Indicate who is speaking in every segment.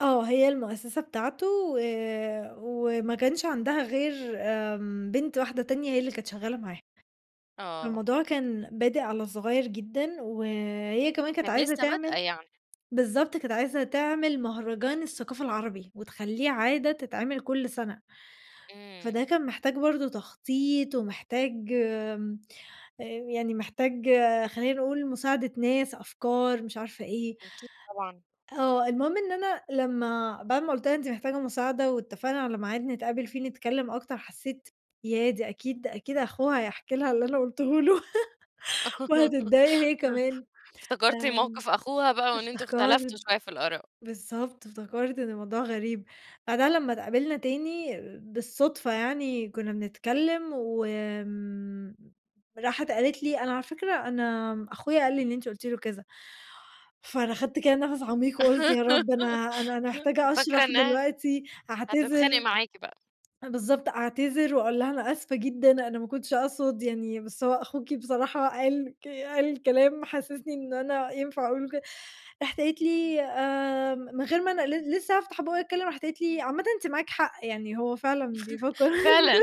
Speaker 1: آه، هي المؤسسة بتاعته و وما كانش عندها غير آمم، بنت واحدة تانية هي اللي كانت شغّالة معاه.
Speaker 2: آه.
Speaker 1: فالموضوع كان بادئ على صغيّر جدًا وهي كمان كانت
Speaker 2: كانت
Speaker 1: عايزة
Speaker 2: لسه بادئة
Speaker 1: تعمل
Speaker 2: يعني.
Speaker 1: بالضبط، كانت عايزة تعمل مهرجان الثقافة العربي وتخلّيه عادة تتعمل كلّ سَنة، فده
Speaker 2: إمم.
Speaker 1: كان محتاج برضه تخطيط ومحتاج آمم، آآ يعني محتاج آآ، خلينا نقول مساعدة ناس، أفكار، مش عارفة إيه.
Speaker 2: أكيد طبعًا.
Speaker 1: آه، المهم إن أنا لمّا بَعد ما قُلت لها أنتِ محتاجة مساعدة واتّفقنا على ميعاد نتقابل فيه نتكلّم أكتر، حسّيت ياه! دي أكيد دي أكيد أخوها هيحكِي لها اللي أنا قُلتهوله وهتضّايق هي كمان
Speaker 2: افتكرتِ
Speaker 1: آآ،
Speaker 2: موقِف أخوها بقى وإن أنتم
Speaker 1: افتكرْت
Speaker 2: اختلَفتوا شوية في الآراء.
Speaker 1: بالضبط، افتكرت إن الموضوع غريب، بعدها لمّا اتقابلنا تاني بالصُّدفة يعني كنّا بنتكلّم و آمم، راحت قالت لي: "أنا على فكرة أنا أخويا قال لي إن أنتِ قُلتِ له كذا." فأنا أخَدت كده نَفَس عميق وقُلت يا رب أنا أنا أنا محتاجة
Speaker 2: فاكرة
Speaker 1: أشرَح
Speaker 2: إنها
Speaker 1: دلوقتي،
Speaker 2: هتتخانق
Speaker 1: أعتذِر
Speaker 2: معاكِ بقى.
Speaker 1: بالضبط، أعتذِر واقول لها أنا آسفة جدًا، أنا ما كنتش أقصُد يعني بس هو أخوكِ بصراحة قال ك قال كلام حسّسني إن أنا ينفَع أقُول له ك راحت قالت لي، آمم، من غير ما أنا ل لسه هافتَح بُقي أتكلّم راحت قالت لي: "عامةً أنتِ معاكِ حق يعني، هو فعلًا بيفكر" [unintelligible]
Speaker 2: فعلًا،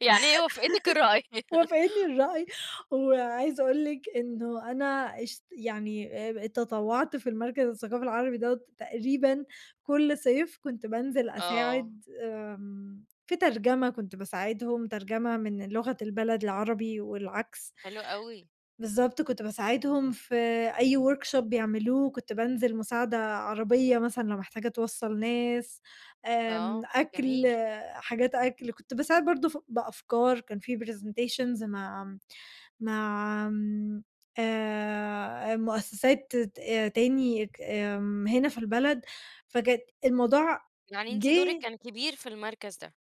Speaker 2: يعني هي وافقتِك الرأي.
Speaker 1: وافِقتني الرأي. وعايزة أقول لِك إنه أنا اشت يعني آآ تطوّعت في المركَز الثقافي العربي دَوّة تقريبًا كلّ صيف، كنت بانزِل
Speaker 2: آه.
Speaker 1: أساعد آمم، في ترجمة، كنت باساعدهم، ترجمة من لغة البلد العربي والعكْس.
Speaker 2: حلو أوي.
Speaker 1: بالضبط كنت باساعدهم في أي workshop بيعملوه وكنت بانزِل مساعدة عربية مثلًا لو محتاجة توصَّل ناس آمم،
Speaker 2: آه،
Speaker 1: أكْل
Speaker 2: جميل.
Speaker 1: حاجات أكْل، كنت باساعد برضه ف بأفكار كان في presentations مع مع آمم آآ مؤسسات ت تاني ك آمم، هنا في البلد فكانت الموضوع
Speaker 2: يعني أنتِ دورِك
Speaker 1: جه
Speaker 2: كان كبير في المركَز ده.